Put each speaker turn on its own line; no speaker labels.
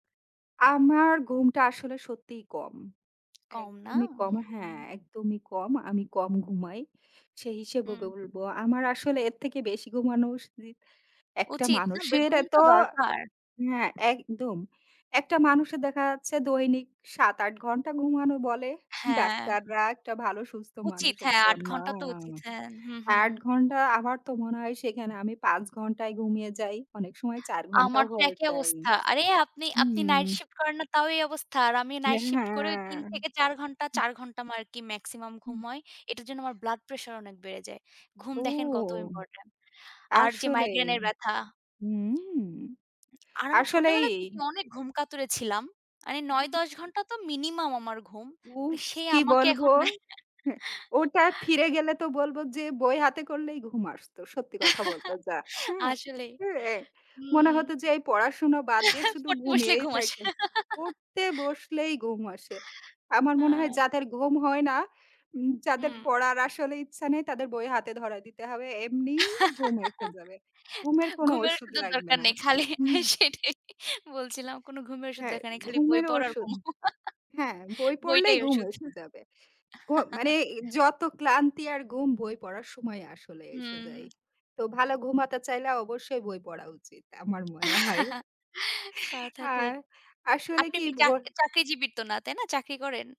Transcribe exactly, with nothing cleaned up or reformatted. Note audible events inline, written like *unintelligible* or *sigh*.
আমার ঘুমটা আসলে সত্যিই কম।
কম না?
একদমই কম। হ্যাঁ,
হুম।
একদমই কম। আমি কম ঘুমাই। সেই হিসেবে
হুম, হুম।
বলবো, আমার আসলে এর থেকে বেশি ঘুমানো। *unintelligible* একটা
উচিত না। বে
মানুষের এতো
ঘুমটা দরকার।
হ্যাঁ, একদম। একটা মানুষের দেখা যাচ্ছে দৈনিক সাত, আট ঘণ্টা ঘুমানো বলে
হ্যাঁ।
ডাক্তাররা একটা ভালো সুস্থ
উচিত।
মানুষের
হ্যাঁ, আট
জন্য,
ঘণ্টা তো
হ্যা।
উচিত। হ্যাঁ, হুম, হুম।
আট ঘণ্টা আমার তো মনে হয় সেখানে আমি পাঁচ ঘণ্টাই গুমিয়ে যাই, অনেক সময় চার ঘণ্টাও
আমার তো
হয়ে
একই
যায়।
অবস্থা। আরে, আপনি আপনি night
হুম।
shift করেন না, তাও এই অবস্থা। আর আমি
দে
night shift করেও তিন
হ্যাঁ।
থেকে চার ঘণ্টা
হুম।
চার ঘণ্টা মা আমার আরকি maximum
হুম।
ঘুম হয়। এটার জন্য আমার blood pressure অনেক বেড়ে যায়। ঘুম
ও!
দেখেন কত ইম্পর্টেন্ট। আর যে,
আসলেই।
মাইগ্রেনের ব্যথা
হুম। *tsk*
হু, আর আমি
আসলেই।
ছোটবেলা থেকে অনেক ঘুমকাতুরে ছিলাম। আনে
হু, হু,
নয়,
অ্যা
দশ ঘণ্টা তো minimum আমার ঘুম। কি
উফ!
সে
কি
আমাকে
বলবো?
এখন নেয়
হ্যাঁ, ওটা
*chuckles*
ফিরে গেলে তো বলবো যে, বই হাতে করলেই ঘুম আসতো। সত্যি কথা বলতে
*chuckles*
যা, হ্যাঁ?
আসলেই,
হ্যাঁ, এ মনে
হুম।
হতো যে, এই পড়াশোনা বাদ দিয়ে
*chuckles*
শুধু
পড়তে বসলেই
ঘুমিয়েই
ঘুম আসে।
থাকি। পড়তে
*chuckles*
বসলেই গুম আসে। আমার মনে হয়
আ
যাদের গুম হয় না, উম যাদের
উম।
পড়ার আসলে ইচ্ছা নেই, তাদের বই হাতে ধরাই দিতে হবে। এমনিই ঘুম এসে
*chuckles*
যাবে। ঘুমের কোন
ঘুমের
ওষুধ
ওষুধের
লাগবে
দরকার
না।
নেই, খালি আ
হুম।
সেটাই বলছিলাম। কোন ঘুমের ওষুধ
হ্যাঁ,
দেকার নেই, খালি বই
ঘুমের
পড় আর
ওষুধ।
ঘুমাও।
হ্যাঁ, বই
*chuckles*
পড়লেই
বইটাই
ঘুম
ওষুধ।
এসে
হুম।
যাবে। ঘু মানে
*chuckles*
যত ক্লান্তি আর গুম বই পড়ার সময় আসলে এসে
হুম।
যায়।
*smacks lips*
তো ভালো ঘুম হতে চাইলে অবশ্যই বই পড়া উচিত আমার মনে হয়।
*chuckles* কথা
আর
ঠিক।
আসলে
আপনি
কি
মি চা
ভোর
চাকরিজীবী তো না, তাই না? চাকরি করেন?